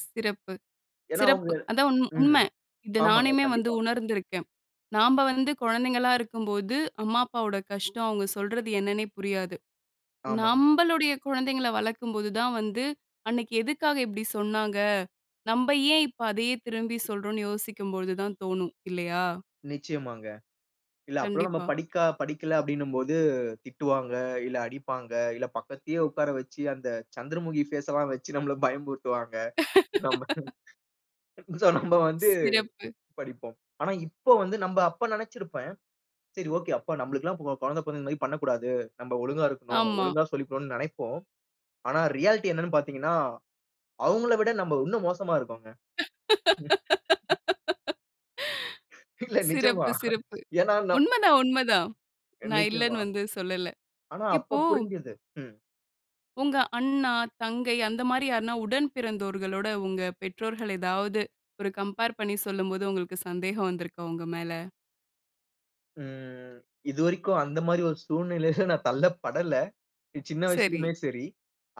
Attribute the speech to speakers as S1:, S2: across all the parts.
S1: சிறப்பு,
S2: ஏன்னா அவுங்க
S1: சிறப்பு. அதான் உண்
S2: ம்.
S1: உண்மை. இத
S2: ஆமாங்க.
S1: நானுமே வந்து
S2: கண்டிப்பா!
S1: உணர்ந்துருக்கேன். நாம்ப வந்து குழந்தைங்களா இருக்கும்போது, அம்மா அப்பாவோட கஷ்டம், அவங்க சொல்றது என்னன்னே புரியாது.
S2: ஆமாங்க.
S1: நம்பளுடைய குழந்தைங்கள வளர்க்கும்போது தான் வந்து, அன்னைக்கு எதுக்காக இப்படி சொன்னாங்க? நம்ப ஏன் இப்ப அதையே திரும்பி சொல்றோம்ன்னு யோசிக்கும்பொழுது தான் தோணும், இல்லையா?
S2: நிச்சயமாங்க. இல்ல, அப்பல்லாம் நம்ம
S1: கண்டிப்பா.
S2: படிக்கா படிக்கல அப்படீன்னும் போது திட்டுவாங்க, இல்ல அடிப்பாங்க. இல்ல பக்கத்திலே உட்கார வச்சு, அந்த சந்திரமுகி ஃபேஸல்லாம் வச்சு நம்மள பயமுறுத்துவாங்க. நம்ப சோ, நம்ப வந்து
S1: ஸ் சிறப்பு.
S2: படிப்போம். ஆனா இப்போ வந்து நம்ப அப்ப நெனைச்சிருப்பேன், சரி ஓகே. அப்ப நம்பளுக்கெல்லாம் கொ கொழந்த பொறந்தா இந்த மாதிரி பண்ணக்கூடாது. நம்ப ஒழுங்கா இருக்கணும்.
S1: ஆமா.
S2: ஒழுங்கா சொல்லி [unintelligible] நெனைப்போம். ஆனா ரியாலிட்டி என்னன்னு பார்த்தீங்கன்னா, அவங்கள விட நம்ப இன்னும் மோசமா இருக்கோங்க. இல்ல, நிஜமா.
S1: சிறப்பு, சிறப்பு.
S2: ஏன்னா, ந
S1: உண்மதான், உண்மதான். நான்
S2: என்னைக்குமா?
S1: இல்லன்னு வந்து சொல்லல.
S2: ஆனா அப்போ
S1: இப்போ
S2: புரிஞ்சுது. ம்.
S1: உங்க அண்ணா, தங்கை அந்த மாரி யாருன்னா உடன் பிறந்தோர்களோட, உங்க பெற்றோர்கள் ஏதாவது ஒரு கம்பேர் பண்ணி சொல்லும்போது, உங்களுக்கு சந்தேகம் வந்திருக்கா உங்க மேல?
S2: ம். இதுவரைக்கும் அந்த மாரி ஒரு சூழ்நிலையில நான் தள்ளப்படல. இ சின்ன
S1: சரி.
S2: வயசுலுமே சரி,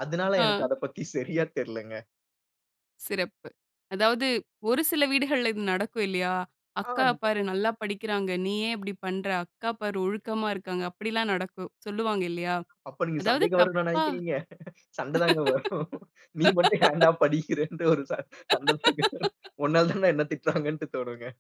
S2: அதுனால எனக்கு
S1: ஆ!
S2: அத பத்தி சரியா தெர்லங்க.
S1: சிறப்பு. அதாவது ஒரு சில வீடுகள்ல இது நடக்கும் இல்லையா?
S2: ஆ
S1: "அக்காவ
S2: [unintelligible]
S1: பாரு நல்லா படிக்கிறாங்க. நீ ஏன் இப்படி பண்ணுற? அக்கா பாரு ஒழுக்கமா இருக்காங்க." அப்படில்லாம் நடக்கும். சொல்லுவாங்க இல்லையா?
S2: அப்ப நீங்க
S1: அதாவது
S2: சந்தேகம் வரும்ன்னா
S1: தப்பா
S2: நெனைக்கிறீங்க, சண்ட தாங்க வரும். நீ மட்டும் ஏன்டா படிக்கிறன்ட்டு ஒரு சண் சண்டை தாங்க வரும். உன்னால தான்டா என்ன திட்டுறாங்கன்ட்டு தோணுங்க.